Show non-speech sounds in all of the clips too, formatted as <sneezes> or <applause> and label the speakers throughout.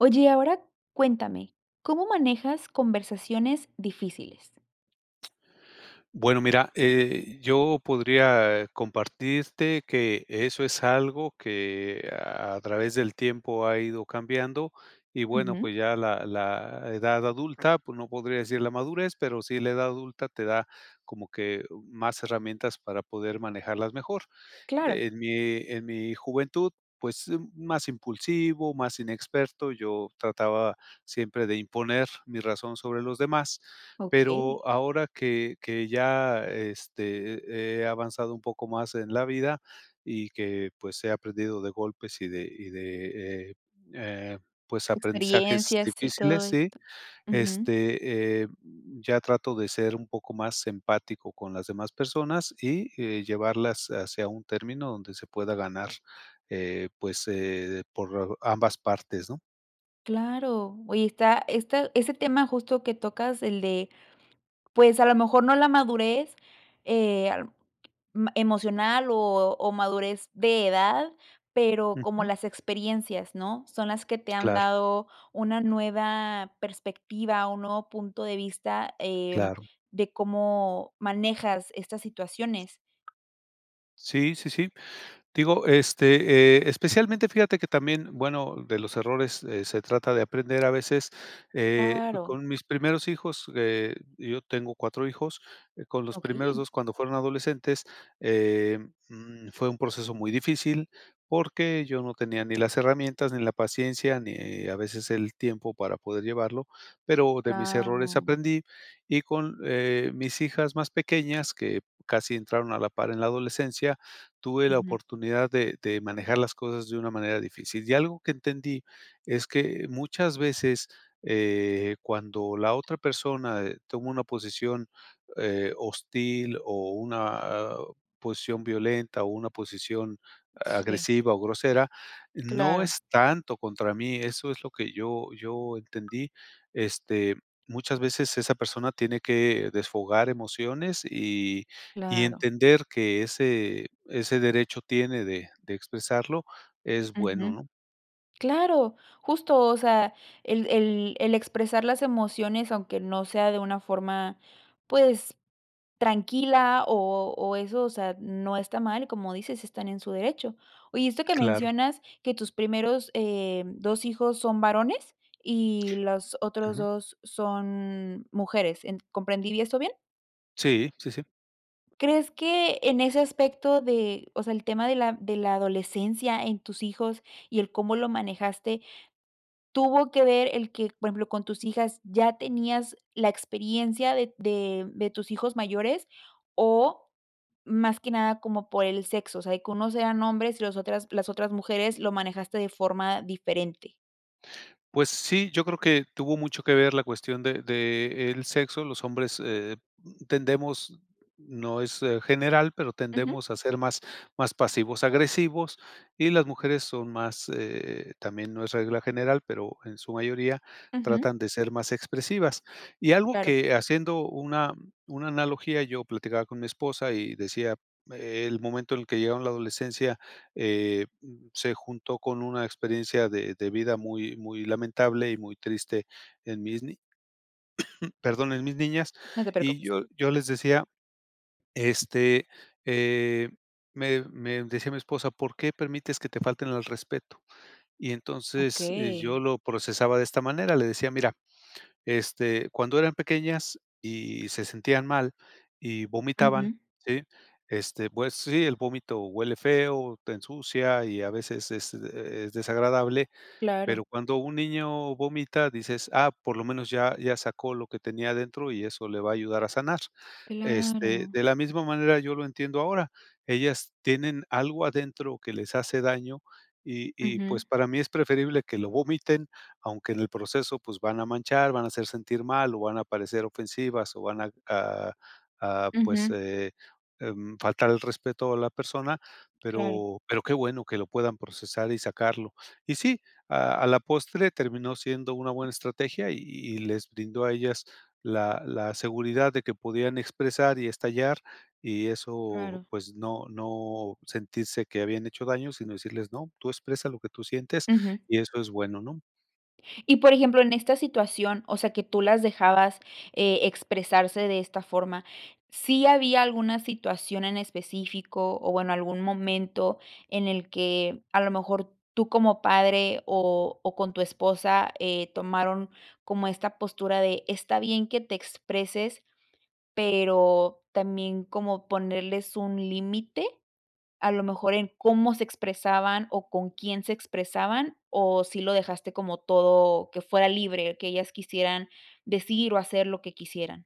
Speaker 1: Oye, ahora cuéntame, ¿cómo manejas conversaciones difíciles?
Speaker 2: Bueno, mira, eh, yo podría compartirte que eso es algo que a través del tiempo ha ido cambiando, y bueno,
Speaker 1: Ujú.
Speaker 2: pues, ya la la edad adulta, pues, no podría decir la madurez, pero sí la edad adulta te da como que, u más herramientas para poder manejarlas mejor.
Speaker 1: Claro.
Speaker 2: En mi en mi juventud, pues, mm, más impulsivo, más inexperto, yo trataba siempre de imponer mi razón sobre los demás,
Speaker 1: Okey.
Speaker 2: pero ahora que que ya, este, he he avanzado un poco más en la vida y que, pues, he aprendido de golpes y de y de, eh eh, pues, aprendizajes
Speaker 1: Experiencias, y todo
Speaker 2: difíciles, ¿sí?
Speaker 1: esto. Ujú.
Speaker 2: Este, eh, mm, ya trato de ser un poco más empático con las demás personas y, eh, llevarlas hacia un término donde se pueda ganar, eh, pues, eh, de por ambas partes, ¿no?
Speaker 1: Claro, oye, está esta ese tema justo que tocas, el de, pues, a lo mejor no la madurez, eh, a lo me m emocional, o o madurez de edad, pero como
Speaker 2: Ujú.
Speaker 1: las experiencias, ¿no? Son las que te han
Speaker 2: Claro.
Speaker 1: dado una nueva perspectiva, un nuevo punto de vista, eh,
Speaker 2: Claro.
Speaker 1: de cómo manejas estas situaciones.
Speaker 2: Sí, sí, sí. Digo, este, eh, especialmente fíjate que también, bueno, de los errores, eh, se trata de aprender a veces, eh,
Speaker 1: Claro.
Speaker 2: con mis primeros hijos, eh, yo tengo 4 hijos, eh, con los primeros
Speaker 1: Okey.
Speaker 2: 2 cuando fueron adolescentes, eh, mm, fue un proceso muy difícil, porque yo no tenía ni las herramientas, ni la paciencia, ni a veces el tiempo para poder llevarlo, pero de mis errores
Speaker 1: Claro.
Speaker 2: aprendí y con, eh, mis hijas más pequeñas, que casi entraron a la par en la adolescencia, tuve la
Speaker 1: Ujú.
Speaker 2: oportunidad de de manejar las cosas de una manera difícil. Y algo que entendí es que muchas veces, eh, cuando la otra persona, eh, toma una posición, eh, hostil o una o posición violenta o una posición
Speaker 1: Sí.
Speaker 2: agresiva o grosera, no
Speaker 1: Claro.
Speaker 2: es tanto contra mí, eso es lo que yo yo entendí. Este, muchas veces esa persona tiene que desfogar emociones y y
Speaker 1: Claro.
Speaker 2: entender que ese ese derecho tiene de de expresarlo es bueno,
Speaker 1: Ujú.
Speaker 2: ¿no?
Speaker 1: Claro, justo, o sea, el el el expresar las emociones, aunque no sea de una forma, pues tranquila o o eso, o sea, no está mal y como dices, están en su derecho. Oye, esto que
Speaker 2: Claro.
Speaker 1: mencionas que tus primeros, eh, 2 hijos son varones y las otros
Speaker 2: Ujú.
Speaker 1: 2 son mujeres, en ¿comprendí bien esto bien?
Speaker 2: Sí, sí, sí.
Speaker 1: Crees que en ese aspecto de, o sea, el tema de la de la adolescencia en tus hijos y el cómo lo manejaste, tuvo que ver el que, por ejemplo, con tus hijas ya tenías la experiencia de de de tus hijos mayores o, más que nada como por el sexo, o sea, de que unos sean hombres y los otras las otras mujeres, lo manejaste de forma diferente.
Speaker 2: Pues sí, yo creo que tuvo mucho que ver la cuestión de de el sexo. Los hombres, eh, mm, tendemos no es general, pero
Speaker 1: Ujú.
Speaker 2: tendemos a ser más más pasivos agresivos, y las mujeres son más eh, también no es regla general, pero en su mayoría
Speaker 1: Ujú.
Speaker 2: tratan de ser más expresivas. Y algo
Speaker 1: Claro.
Speaker 2: que haciendo una una analogía, yo platicaba con mi esposa, y decía el momento en el que llegaron la adolescencia, eh, se juntó con una experiencia de de vida muy muy lamentable, y muy triste en mis ni <sneezes> perdón, en mis niñas,
Speaker 1: No te
Speaker 2: y
Speaker 1: preocupes.
Speaker 2: yo yo les decía este, eh, me me decía mi esposa: "¿Por qué permites que te falten al respeto?". Y entonces, eh, yo
Speaker 1: Okey.
Speaker 2: lo procesaba de esta manera, le decía: "Mira, este, cuando eran pequeñas, y se sentían mal y vomitaban,
Speaker 1: Ujú.
Speaker 2: ¿sí? Este, pues sí, el vómito huele feo, te ensucia y a veces es, eh, es desagradable",
Speaker 1: Claro.
Speaker 2: pero cuando un niño vomita dices: "Ah, por lo menos ya ya sacó lo que tenía adentro, y eso le va a ayudar a sanar". Este,
Speaker 1: Claro.
Speaker 2: de la misma manera yo lo entiendo ahora, ellas tienen algo adentro que les hace daño, y y
Speaker 1: Ujú.
Speaker 2: pues, para mí es preferible que lo vomiten, aunque en el proceso, pues, van a manchar, van a hacer sentir mal, o, van a parecer ofensivas, o, van a a, pues,
Speaker 1: Ujú.
Speaker 2: eh, mm, faltar el respeto a la persona.
Speaker 1: Claro.
Speaker 2: Pero pero qué bueno que lo puedan procesar y sacarlo. Y sí, a a la postre terminó siendo una buena estrategia. Y y les brindó a ellas, la la seguridad de que podían expresar y estallar, y eso,
Speaker 1: Claro.
Speaker 2: pues, no no sentirse que habían hecho daños, sino decirles: "No, tú expresa lo que tú sientes
Speaker 1: Ujú.
Speaker 2: y eso es bueno", ¿no?
Speaker 1: Y, por ejemplo, en esta situación, o sea, que tú las dejabas, eh, expresarse de esta forma, ¿sí había alguna situación en específico o, bueno, algún momento en el que, a lo mejor, tú como padre o o con tu esposa, eh, tomaron como esta postura de está bien que te expreses, pero también como ponerles un límite, a lo mejor en cómo se expresaban o con quién se expresaban, ¿o sí lo dejaste como todo que fuera libre, qué ellas quisieran decir o hacer lo que quisieran?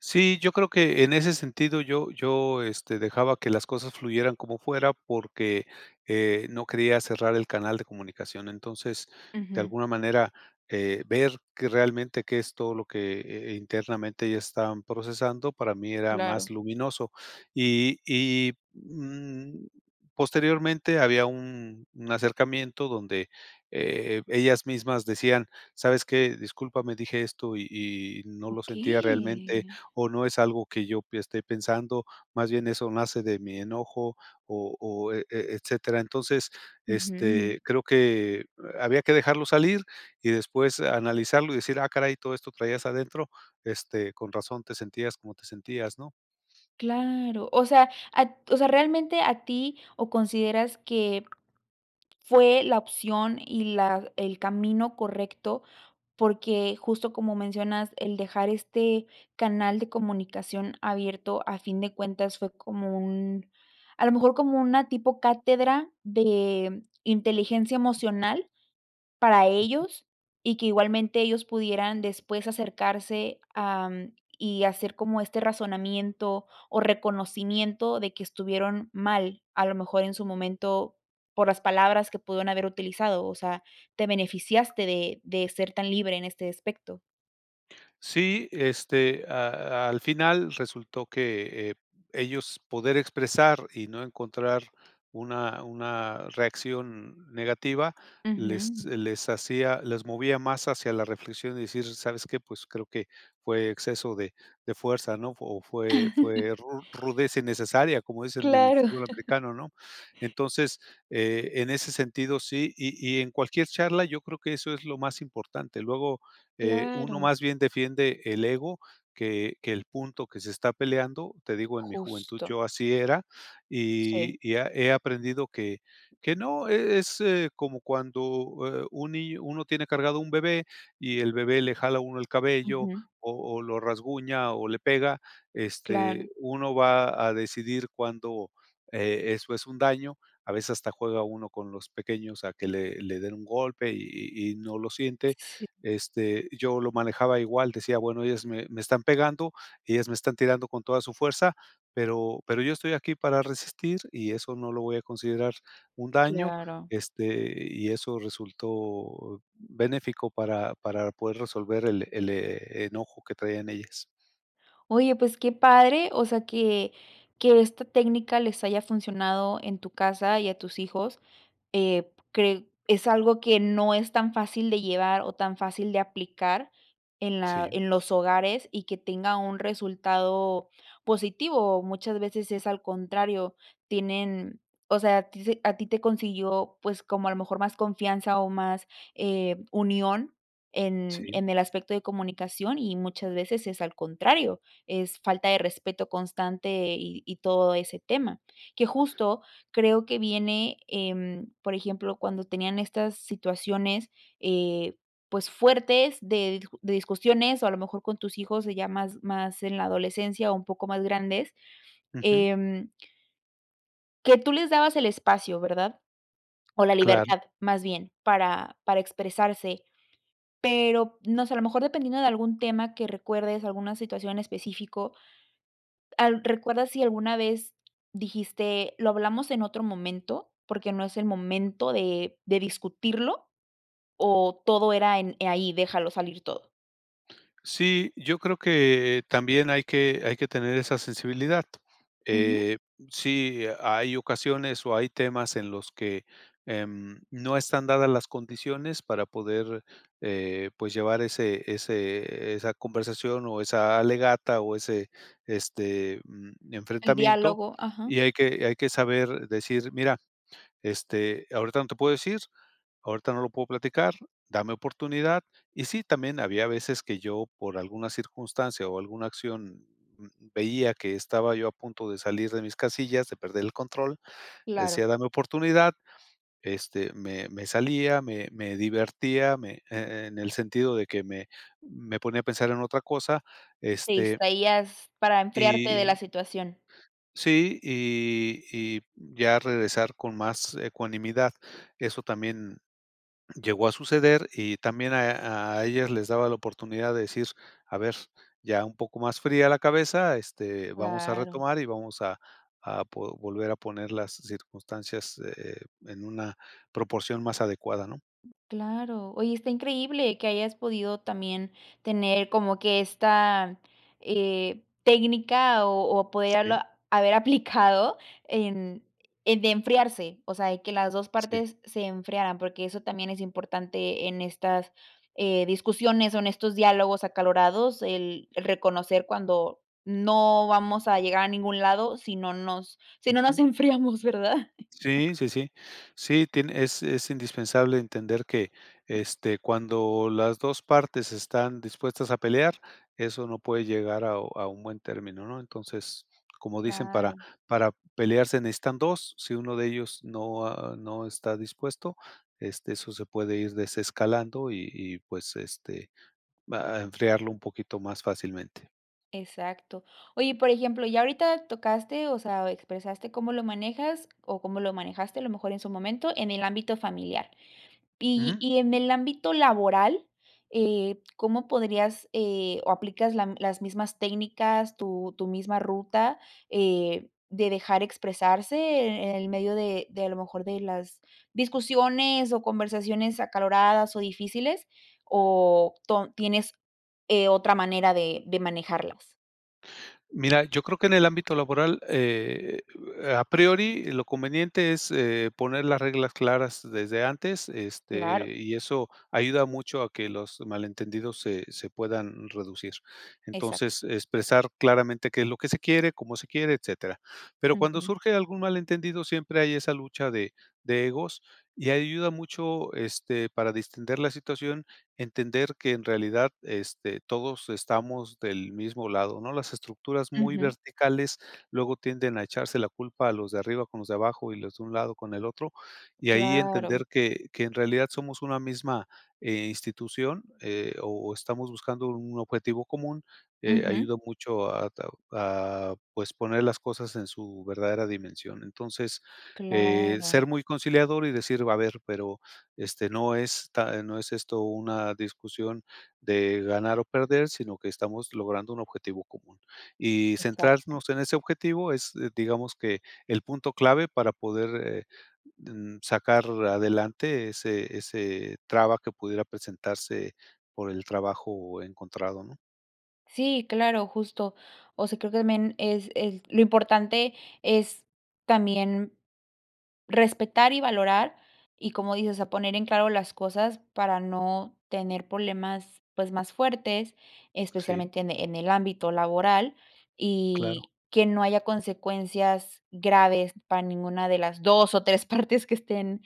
Speaker 2: Sí, yo creo que en ese sentido yo yo, este, dejaba que las cosas fluyeran como fuera porque, eh, no quería cerrar el canal de comunicación. Entonces, de
Speaker 1: Ujú.
Speaker 2: alguna manera, eh, ver realmente que es todo lo que, eh, internamente ellas estaban procesando para mí era
Speaker 1: Claro.
Speaker 2: más luminoso. Y y, mm, posteriormente había un un acercamiento donde, eh, ellas mismas decían: "¿Sabes qué? discúlpame dije esto y y no lo sentía realmente,
Speaker 1: Okey.
Speaker 2: o no es algo que yo esté pensando, más bien eso nace de mi enojo" o o, e etcétera. Entonces,
Speaker 1: Ujú.
Speaker 2: este, eh, creo que había que dejarlo salir y después analizarlo y decir: "Ah caray ¿todo esto traías adentro? Este, con razón te sentías como te sentías ¿no?"
Speaker 1: Claro, o sea a t o sea, realmente a ti o consideras que, fue la opción y la el camino correcto, porque justo como mencionas, el dejar este canal de comunicación abierto a fin de cuentas fue como un a lo mejor como una tipo cátedra de inteligencia emocional para
Speaker 2: Ujú.
Speaker 1: ellos y que igualmente ellos pudieran después acercarse, am,, y hacer como este razonamiento o reconocimiento de que estuvieron mal, a lo mejor en su momento, por las palabras que pudieron haber utilizado, o sea, te beneficiaste de de ser tan libre en este aspecto.
Speaker 2: Sí, este, a al final resultó que, eh, ellos poder expresar y no encontrar una una reacción negativa, les
Speaker 1: Ujú.
Speaker 2: les hacía les movía más hacia la reflexión y decir: "¿Sabes qué? Pues creo que fue exceso de de fuerza", ¿no? O fue
Speaker 1: <chuckles>
Speaker 2: fue ru rudeza innecesaria, como dicen en el
Speaker 1: Claro.
Speaker 2: fútbol americano, ¿no? Entonces, eh, en ese sentido sí y y en cualquier charla yo creo que eso es lo más importante. Luego, eh, uno
Speaker 1: Claro.
Speaker 2: más bien defiende el ego que que el punto que se está peleando, te digo en mi juventud,
Speaker 1: Justo.
Speaker 2: yo así era
Speaker 1: Sí.
Speaker 2: y y he he aprendido que que no, e es como cuando un, eh, niño uno tiene cargado un bebé y el bebé le jala a uno el cabello
Speaker 1: Ujú.
Speaker 2: o o lo rasguña o le pega,
Speaker 1: Claro.
Speaker 2: este, uno va a decidir cuando, eh, eso es un daño, a veces hasta juega uno con los pequeños a que le le den un golpe y y no lo siente.
Speaker 1: Sí.
Speaker 2: Este, yo lo manejaba igual, decía bueno, ellas me me están pegando, ellas me están tirando con toda su fuerza, pero pero yo estoy aquí para resistir y eso no lo voy a considerar un daño,
Speaker 1: Claro.
Speaker 2: este, y eso resultó benéfico para para poder resolver el el e enojo que traían ellas.
Speaker 1: Oye, pues qué padre, o sea, que que esta técnica les haya funcionado en tu casa y a tus hijos, eh, cre es algo que no es tan fácil de llevar o tan fácil de aplicar en la,
Speaker 2: Sí.
Speaker 1: en los hogares y que tenga un resultado positivo. O muchas veces es al contrario, tienen, o sea, a ti se a ti te consiguió, pues, como a lo mejor más confianza o más, eh, unión en
Speaker 2: Sí.
Speaker 1: en el aspecto de comunicación y muchas veces es al contrario, es falta de respeto constante y y todo ese tema, que justo creo que viene, em, por ejemplo, cuando tenían estas situaciones, eh, pues fuertes de di de discusiones o a lo mejor con tus hijos, eh, ya más más en la adolescencia o un poco más grandes,
Speaker 2: Ujú.
Speaker 1: em. Que tú les dabas el espacio, ¿verdad? O la
Speaker 2: Claro.
Speaker 1: libertad, más bien, para para expresarse, pero no sé, a lo mejor dependiendo de algún tema que recuerdes, alguna situación en específico, al ¿recuerdas si alguna vez dijiste lo hablamos en otro momento porque no es el momento de de discutirlo o todo era en ahí déjalo salir todo?
Speaker 2: Sí, yo creo que también hay que hay que tener esa sensibilidad.
Speaker 1: Ujú.
Speaker 2: Eh, sí hay ocasiones o hay temas en los que, em, no están dadas las condiciones para poder, eh, pues, llevar ese ese esa conversación o esa alegata o ese, este, mm,
Speaker 1: El
Speaker 2: enfrentamiento,
Speaker 1: diálogo, ajá.
Speaker 2: y hay que hay que saber decir: "Mira, este, ahorita no te puedo decir, ahorita no lo puedo platicar, dame oportunidad". Y sí, también había veces que yo, por alguna circunstancia o alguna acción, mm, veía que estaba yo a punto de salir de mis casillas, de perder el control,
Speaker 1: Claro.
Speaker 2: decía: "Dame oportunidad". Este, me me salía, me me divertía, me e en el sentido de que me me ponía a pensar en otra cosa,
Speaker 1: Te
Speaker 2: este
Speaker 1: distraías para enfriarte de
Speaker 2: y,
Speaker 1: la situación.
Speaker 2: sí, y y ya regresar con más ecuanimidad. Eso también llegó a suceder y también a a ellos les daba la oportunidad de decir: "A ver, ya un poco más fría la cabeza, este, vamos a
Speaker 1: Claro.
Speaker 2: retomar y vamos a a po volver a poner las circunstancias, eh, en una proporción más adecuada", ¿no?
Speaker 1: Claro. Oye, está increíble que hayas podido también tener como que esta, eh, técnica o o
Speaker 2: Sí.
Speaker 1: poderla haber aplicado en eh, de enfriarse, o sea, de que las 2
Speaker 2: Sí.
Speaker 1: partes se enfriaran, porque eso también es importante en estas, eh, discusiones o en estos diálogos acalorados, el reconocer cuando no vamos a llegar a ningún lado si no nos si no nos
Speaker 2: Ujú.
Speaker 1: enfriamos, ¿verdad?
Speaker 2: Sí, sí, sí. Sí, tiene es es indispensable entender que, este, cuando las 2 partes están dispuestas a pelear, eso no puede llegar a a un buen término, ¿no?, entonces, como dicen: "Para
Speaker 1: Claro.
Speaker 2: para pelear se necesitan 2". Si 1 de ellos no, ah, no está dispuesto, este, eso se puede ir desescalando y y, pues, este, va a enfriarlo un poquito más fácilmente.
Speaker 1: Exacto. Oye, y por ejemplo, ya ahorita tocaste, o sea, expresaste cómo lo manejas o cómo lo manejaste, a lo mejor en su momento, en el ámbito familiar. Y
Speaker 2: Ujú.
Speaker 1: y en el ámbito laboral, eh, ¿cómo podrías, eh, o aplicas la m las mismas técnicas, tu tu misma ruta, eh, de dejar expresarse, eh, en el medio de de, a lo mejor, de las discusiones o conversaciones acaloradas o difíciles? O ton ¿tienes, eh, otra manera de de manejarlas?
Speaker 2: Mira, yo creo que en el ámbito laboral, eh, a priori, lo conveniente es, eh, poner las reglas claras desde antes,
Speaker 1: Claro.
Speaker 2: este, y eso ayuda mucho a que los malentendidos se se puedan reducir.
Speaker 1: Exacto.
Speaker 2: Entonces, expresar claramente qué es lo que se quiere, cómo se quiere, etcétera. Pero cuando
Speaker 1: Ujú.
Speaker 2: surge algún mal entendido, siempre hay esa lucha de de egos y ayuda mucho, este, para distender la situación, entender que en realidad, este, todos estamos del mismo lado, ¿no? Las estructuras muy
Speaker 1: Ujú.
Speaker 2: verticales luego tienden a echarse la culpa los de arriba con los de abajo y los de un lado con el otro, y ahí
Speaker 1: Claro.
Speaker 2: entender que que en realidad somos una misma, eh, institución, eh, o o estamos buscando un objetivo común, eh,
Speaker 1: Ujú.
Speaker 2: ayuda mucho a tao a pues, poner las cosas en su verdadera dimensión. Entonces, eh,
Speaker 1: Claro.
Speaker 2: ser muy conciliador y decir, a ver, pero, este, no está no es esto una discusión de ganar o perder, sino que estamos logrando un objetivo común. Y
Speaker 1: Exacto.
Speaker 2: centrarnos en ese objetivo es, digamos, que el punto clave para poder, eh, mm, sacar adelante ese ese traba que pudiera presentarse por el trabajo encontrado, ¿no?
Speaker 1: Sí, claro, justo. O sea, creo que me en es el lo importante es también respetar, y valorar, y, como dices, a poner en claro las cosas para no tener problemas, pues, más fuertes,
Speaker 2: Sí.
Speaker 1: especialmente en en el ámbito laboral,
Speaker 2: Claro.
Speaker 1: y que no haya consecuencias graves para ninguna de las 2, o, 3 partes que estén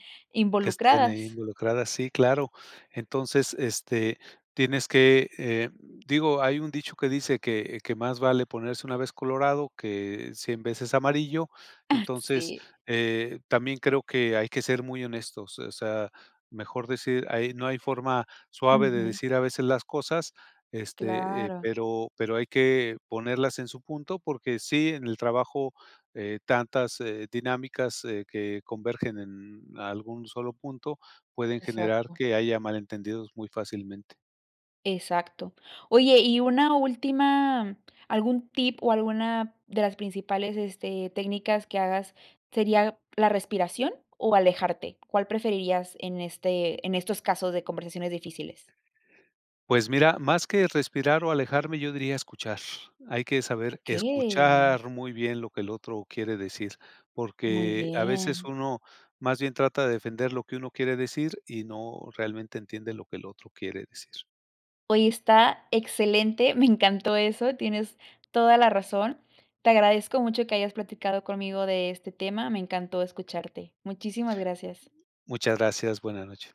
Speaker 2: Que estén ahí
Speaker 1: involucradas.
Speaker 2: involucradas, sí, claro. Entonces, este, tienes que, eh, digo, hay un dicho que dice que que más vale ponerse 1 vez colorado, que 100 veces amarillo,
Speaker 1: <chuckles>
Speaker 2: entonces,
Speaker 1: Sí.
Speaker 2: eh, también creo que hay que ser muy honestos. Eh, o sea, mejor decir ahi no hay forma suave de
Speaker 1: Ujú.
Speaker 2: decir a veces las cosas, este, eh,
Speaker 1: Claro.
Speaker 2: pero pero hay que ponerlas en su punto porque sí, en el trabajo, eh, tantas, eh, dinámicas, eh, que convergen en algún solo punto pueden generar
Speaker 1: Exacto.
Speaker 2: que haya malentendidos muy fácilmente.
Speaker 1: Exacto. Oye y una última, ¿algún tip, o, alguna de las principales, este, técnicas que hagas sería la respiración, o, alejarte? ¿Cuál preferirías en este en estos casos de conversaciones difíciles?
Speaker 2: Pues mira, más que respirar, o, alejarme, yo diría escuchar. Hay que saber
Speaker 1: Okey.
Speaker 2: escuchar muy bien lo que el otro quiere decir,
Speaker 1: Muy
Speaker 2: porque a veces
Speaker 1: bien.
Speaker 2: uno más bien trata de defender lo que uno quiere decir, y no realmente entiende lo que el otro quiere decir.
Speaker 1: Oye, está excelente, me encantó eso, tienes toda la razón. Te agradezco mucho que hayas platicado conmigo de este tema, me encantó escucharte. Muchísimas gracias.
Speaker 2: Muchas gracias, buena noche.